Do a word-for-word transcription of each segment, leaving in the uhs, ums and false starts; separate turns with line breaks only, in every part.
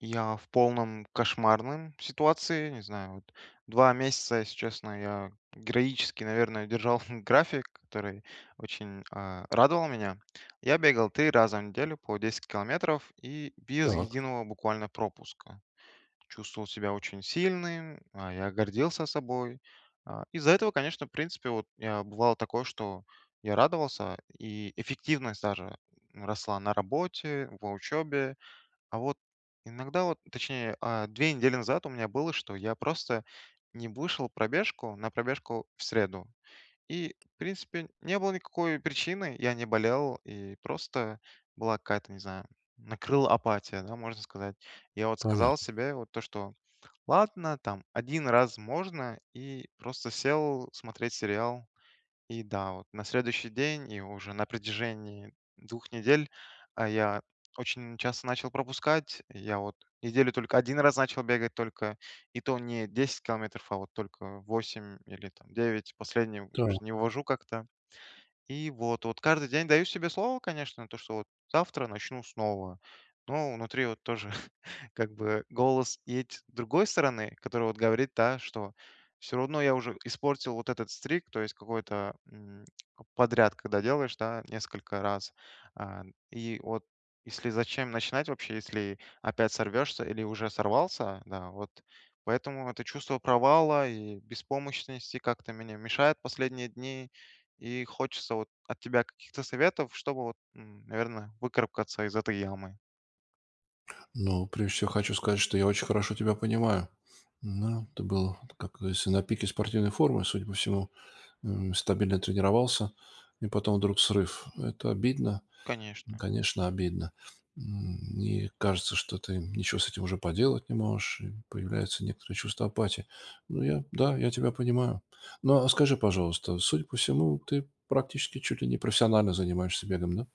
Я в полном кошмарном ситуации, не знаю, вот, два месяца, если честно, я героически, наверное, держал, график, который очень, а, радовал меня: я бегал три раза в неделю по десять километров и без
Так.
единого буквально пропуска. Чувствовал себя очень сильным, а, я гордился собой. А, из-за этого, конечно, в принципе, вот, я, бывало такое, что я радовался, и эффективность даже, ну, росла на работе, в учебе. А, вот, иногда вот, точнее, а, две недели назад у меня было, что я просто не вышел пробежку на пробежку в среду. И, в принципе, не было никакой причины, я не болел, и просто была какая-то, не знаю, накрыла апатия, да, можно сказать. Я, вот, сказал
Понятно.
себе, вот то что: "Ладно, там один раз можно", и просто сел смотреть сериал. И да, вот на следующий день и уже на протяжении двух недель, а, я очень часто начал пропускать. Я, вот, неделю только один раз начал бегать только, и то не десять километров, а вот только восемь или там девять, последние вот уж
Так.
не вывожу как-то. И вот вот каждый день даю себе слово, конечно, то что, вот, завтра начну снова. Но внутри, вот, тоже как бы, голос еть с другой стороны, который, вот, говорит, да, что всё равно я уже испортил вот этот streak то есть какой-то, м, подряд, когда делаешь, да, несколько раз. А, и вот, если зачем начинать вообще, если опять сорвешься или уже сорвался, да, вот, поэтому это чувство провала и беспомощности как-то мене мешает последние дни, и хочется вот от тебя каких-то советов, чтобы, вот, м, наверное, выкарабкаться из этой ямы.
Ну, прежде всего, хочу сказать, что я очень хорошо тебя понимаю. Ну, это было, как говорится, на пике спортивной формы, судя по всему. М, стабильно тренировался и потом вдруг срыв. Это обидно,
Конечно.
конечно, обидно. М, и, кажется, что ты ничего с этим уже поделать не можешь, и появляется некоторое чувство апатии. Ну, я, да, я тебя понимаю. Ну, а скажи, пожалуйста, судя по всему, ты практически чуть ли не профессионально занимаешься бегом, да?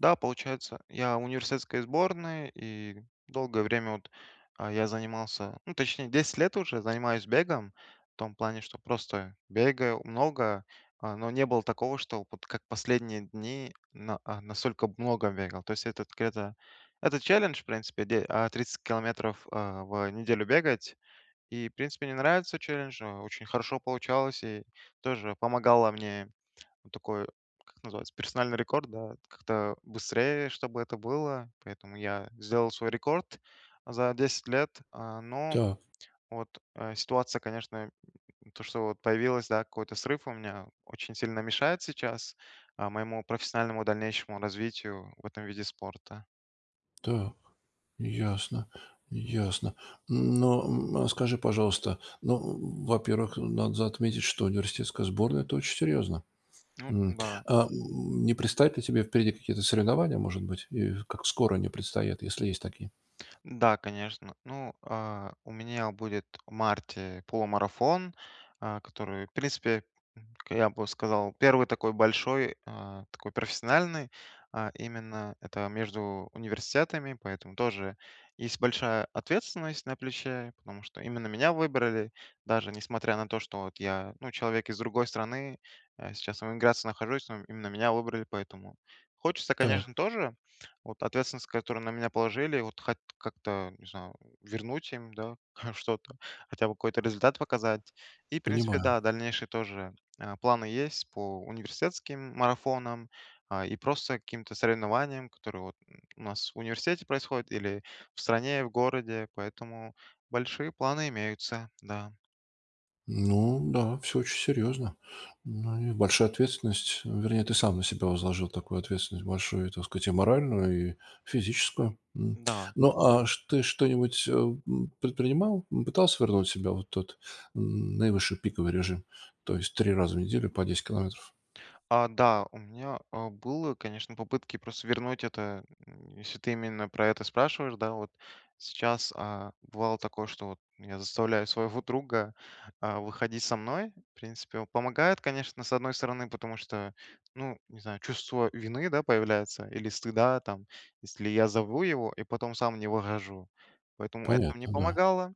Да, получается, я в университетской сборной, и долгое время вот, э, я занимался, ну, точнее, десять лет уже занимаюсь бегом. В том плане, что просто бегаю много, а, но не было такого, что вот как последние дни на а, настолько много бегал. То есть это где-то это челлендж, в принципе, д а, тридцать километров, э, в неделю бегать, и, в принципе, мне нравится челлендж, э, очень хорошо получалось и тоже помогало мне, вот такой, как называется- персональный рекорд, да? Как-то быстрее, чтобы это было, поэтому я сделал свой рекорд за десять лет, а, ну.
Так.
Вот, э, ситуация, конечно, м, то, что вот появилась, да, какой-то срыв у меня, очень сильно мешает сейчас, а, моему профессиональному дальнейшему развитию в этом виде спорта.
Так. Ясно, ясно. Но, м, скажи, пожалуйста, но, м, во-первых, надо за отметить, что университетская сборная- это очень серьезно.
Ну
М,
да.
а, м, не предстоят ли тебе впереди какие-то соревнования, может быть, и как скоро они предстоят, если есть такие?
Да, конечно. Ну, э, у меня будет в марте полумарафон, э, который, в принципе, к я бы сказал, первый такой большой, э, такой профессиональный, э, именно это между университетами, поэтому тоже есть большая ответственность на плече, потому что именно меня выбрали. Даже несмотря на то, что вот я, ну, человек из другой страны, э, сейчас в эмиграции нахожусь, но именно меня выбрали, поэтому Хочется,
Так.
конечно, тоже вот ответственность, которую на меня положили, вот хат как-то, не знаю, э, вернуть им, да, хоть что-то, хотя бы какой-то результат показать. И, в принципе,
Понимаю.
да, дальнейшие тоже, а, планы есть по университетским марафонам, а, и просто каким-то соревнованиям, которые вот у нас в университете происходят или в стране, в городе, поэтому большие планы имеются, да.
Ну да, всё очень серьезно. Ну и большая ответственность, вернее, ты сам на себя возложил такую ответственность, большую, так сказать, и моральную, и физическую, м.
Да.
Ну, а что ты что-нибудь, э, м, предпринимал? Ну, пытался вернуть себя вот в тот, э, наивысший пиковый режим? То есть три раза в неделю по десять километров?
А, да, у меня, э, было, конечно попытки просто вернуть это, э, если ты именно про это спрашиваешь, да, вот. Сейчас, а, бывало такое, что вот меня заставляю своего друга, а, выходить со мной. В принципе, он помогает, конечно, с одной стороны, потому что, ну, не знаю, чувство вины, да, появляется, или стыда там, если я зову его и потом сам не выхожу, поэтому это мне
Понятно, да.
помогало.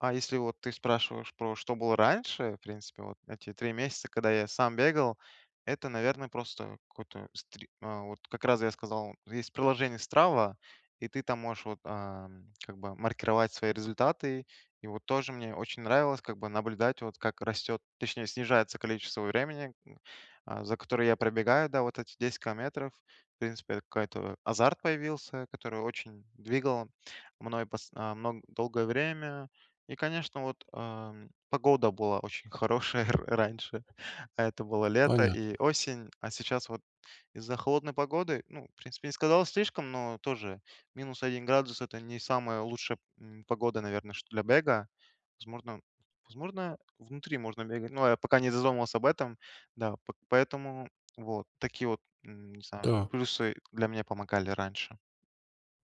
А если, вот ты спрашиваешь, про что было раньше, в принципе, вот эти три месяца, когда я сам бегал, это, наверное, просто какой-то стри вот как раз я сказал, есть приложение Strava, и ты там можешь вот, а, как бы маркировать свои результаты. И вот тоже мне очень нравилось, как бы, наблюдать, вот, как растет, точнее, снижается количество времени, э, а, за которое я пробегаю, да, вот эти десять километров, в принципе, это какой-то азарт появился, который очень двигал мной пс а, мн долгое время. И, конечно, вот, эм, погода была очень хорошая р раньше, это было лето и
Понятно.
осень, а сейчас вот из-за холодной погоды, ну, в принципе, не сказал слишком, но тоже минус один градус- это не самая лучшая, м, погода, наверное, чт для бега. Возможно, возможно внутри можно бегать, но я пока не задумывался об этом, да. П поэтому, вот, такие, м, не знаю,
Так.
плюсы для меня помогали раньше.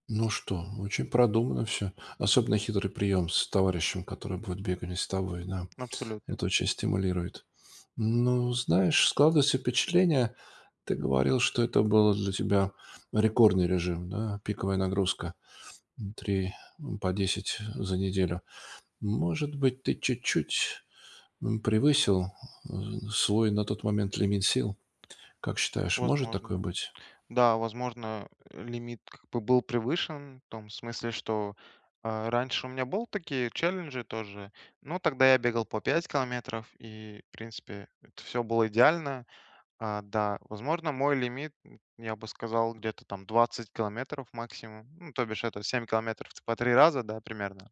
Ну что, очень продуманно всё. Особенно хитрый прием с товарищем, который будет бегать не с тобой, да.
Абсолютно.
Это очень стимулирует. Ну, знаешь, складывается впечатление, ты говорил, что это было для тебя рекордный режим, да, пиковая нагрузка. М, три, м, по десять за неделю. Может быть, ты чуть-чуть, м, превысил, э, свой на тот момент лимит сил? Как считаешь, может такое
Возможно.
быть?
Да, возможно, э, лимит, как бы, был превышен в том смысле, что, э, раньше у меня был такие челленджи тоже. Ну, тогда я бегал по пять километров, и, в принципе, всё было идеально. А, да. Возможно, мой лимит, м, я бы сказал, где-то там двадцать километров максимум, ну то бишь это семь километров в с по три раза, да, примерно.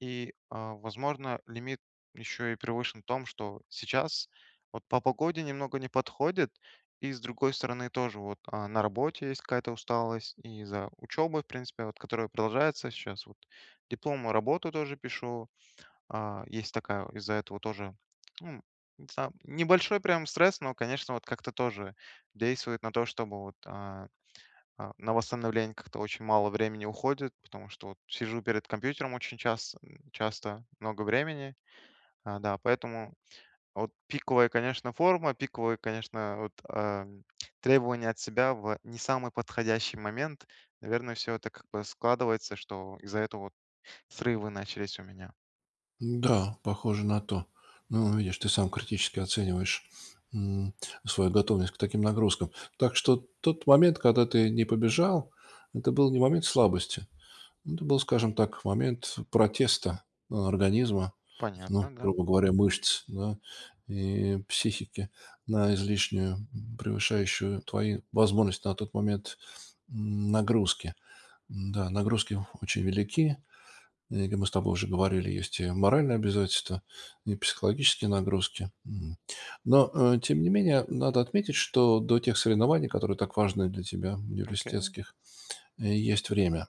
И, а, возможно, лимит еще и превышен в том, что сейчас вот по погоде немного не подходит. И с другой стороны тоже вот, а, на работе есть какая-то усталость, и из-за учебы, в принципе, которая продолжается щас вот. Дипломную работу тоже пишу. А, есть такая, из-за этого тоже, м, за небольшой прям стресс, но, конечно, вот, как-то тоже действует на то, чтобы вот, а, а, на восстановление как-то очень мало времени уходит, потому что вот сижу перед компьютером очень часто, м, часто много времени, а, да. Поэтому а вот пиковая, конечно, форма, пиковые, конечно, вот, э, требования от себя в не самый подходящий момент, наверное, всё это как бы складывается, что из-за этого вот срывы начались у меня.
Да, похоже на то. Ну, видишь, ты сам критически оцениваешь, м, свою готовность к таким нагрузкам. Так что тот момент, когда ты не побежал, это был не момент слабости, это был, скажем так, момент протеста организма,
Понятно,
ну,
да.
грубо говоря, мышц, да, и психики на излишнюю, м, превышающую твои возможности на тот момент, нагрузки. Н-да, нагрузки очень велики. И, как мы с тобой уже говорили, есть и моральные обязательства, и психологические нагрузки. Мгм. Но, э, тем не менее, надо отметить, что до тех соревнований, которые так важны для тебя,
Окей.
университетских, есть время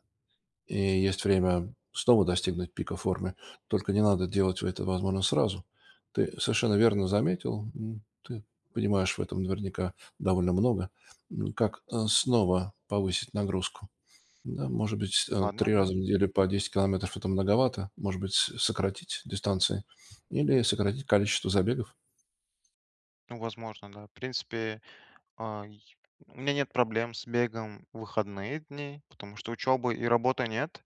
и есть время снова достигнуть пика формы. Только не надо делать это, возможно, сразу. Ты совершенно верно заметил, м, ты понимаешь в этом, наверняка, довольно много, м, как, э, снова повысить нагрузку? Ну, может быть, с э,
Она
три раза
нам
в неделю по десять километров- это многовато. Может быть, с сократить дистанции или сократить количество забегов?
Ну возможно, да. В принципе, э, й у меня нет проблем с бегом в выходные дни, потому что учебы и работы нет,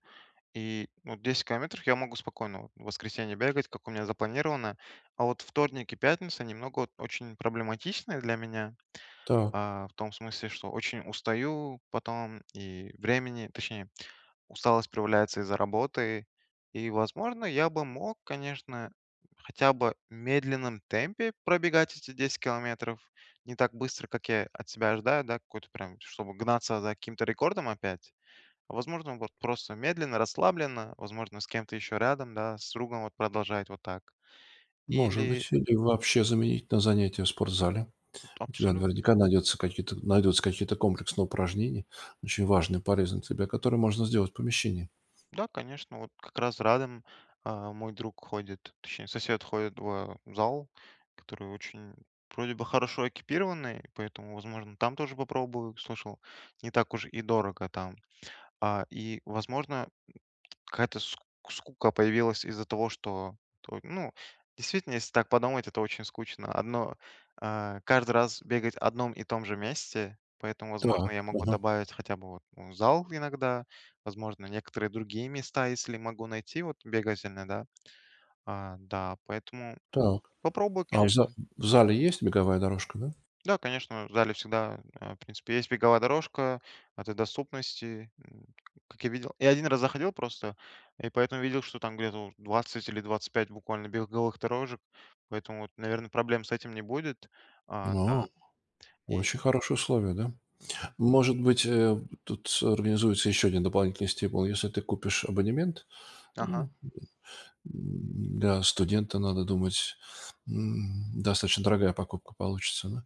и, ну, вот десять километров я могу спокойно в воскресенье бегать, как у меня запланировано, а вот вторник и пятница- немного, вот, очень проблематичные для меня,
Да.
а, в том смысле, что очень устаю потом, и времени Точнее, усталость проявляется из-за работы. И, возможно, я бы мог, конечно, хотя бы в медленном темпе пробегать эти десять километров, не так быстро, как я от себя ожидаю, да, какой-то прям, чтобы гнаться за каким-то рекордом опять. Возможно, вот, просто медленно, расслабленно, возможно, с кем-то еще рядом, да, с другом вот продолжать вот так.
Может
Или
быть, или вообще заменить на занятия в спортзале.
Это
У тебя
абсолютно,
наверняка
да.
найдется какие-то, найдутся какие-то комплексные упражнения, очень важные и полезные тебе, которые можно сделать в помещении.
Да, конечно, вот как раз Радем, э, мой друг, ходит, точнее сосед, ходит, а, в зал, который очень, вроде бы, хорошо экипированный, поэтому, возможно, там тоже попробую, слышал, не так уж и дорого там. А, и, возможно, м, какая-то ск скука появилась из-за того, что, т ну, действительно, если так подумать- это очень скучно. Одно э, каждый раз бегать одном и том же месте, поэтому, возможно,
Так,
я могу
мгм.
добавить хотя бы вот, м, зал иногда, возможно, некоторые другие места, если могу найти, вот бегать иногда. А, да, поэтому
Так,
попробую,
а в за
конечно.
в зале есть беговая дорожка, да?
Да, конечно, в зале всегда, э, в принципе, есть беговая дорожка в этой доступности, м, ка как я видел. Я один раз заходил просто, и поэтому видел, что там где-то вот двадцать или двадцать пять буквально беговых дорожек, поэтому вот, наверно, проблем с этим не будет, а,
А.
да. И
Очень хорошие условия, да?
Мгм.
Может быть, э, тут с организуется еще один дополнительный стимул, если ты купишь абонемент. Ну,
Ага.
м, м, для студента, надо думать, м, достаточно дорогая покупка получится, да?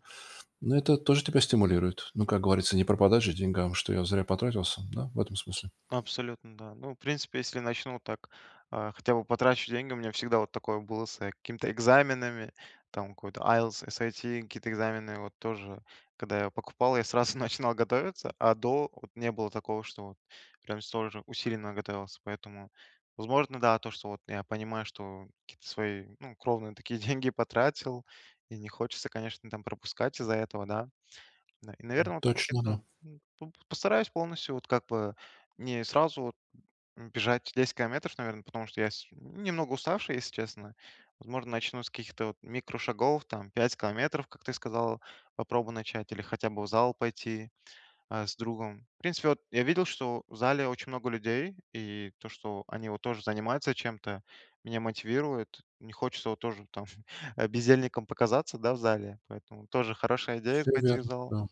Ну, это тоже тебя стимулирует- ну, как говорится, не пропадать же деньгам, что я зря потратился, да, в этом смысле.
Абсолютно, да. Ну, в принципе, если начну вот так, а, хотя бы потрачу деньги, у меня всегда вот такое было с, э, какими-то экзаменами, там какой-то IELTS, SAT какие-то экзамены вот тоже, когда я покупал, я сразу начинал готовиться, а до- вот не было такого, что прям столь же усиленно готовился. Поэтому, возможно, да, то что вот я понимаю, что какие-то свои, ну, кровные такие деньги потратил, и не хочется, конечно, там пропускать из-за этого, да. Да. И
М,
наверно от
точно, да.
кето м, п постараюсь полностью вот как бы не сразу вот, м, бежать десять километров, наверно, потому что я с немного уставший, если честно. Возможно, начну с каких-то вот микрошагов, там, пять километров, как ты сказал, попробую начать, или хотя бы в зал пойти, э, с другом. В принципе, вот я видел, что в зале очень много людей, и то, что они вот тоже занимаются чем-то, меня мотивирует. Не хочется вот тоже там, а, бездельником показаться, да, в зале, поэтому тоже хорошая идея-
Всё
пойти в
верно,
зал.
да.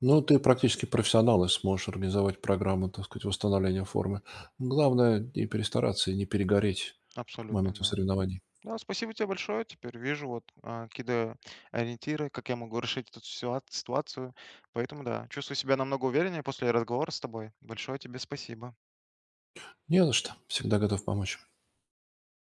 Но ты практически профессионал и сможешь организовать программу, так сказать, восстановления формы. Главное не перестараться и не перегореть к
Абсолютно,
моменту
да.
соревнований.
Да, спасибо те большое, теперь вижу вот, э, кидо ориентиры, как я могу решить эту ситуа ситуацию, поэтому, да, чувствую себя намного увереннее после разговора с тобой. Большое тебе спасибо.
Не за что, всегда готов помочь.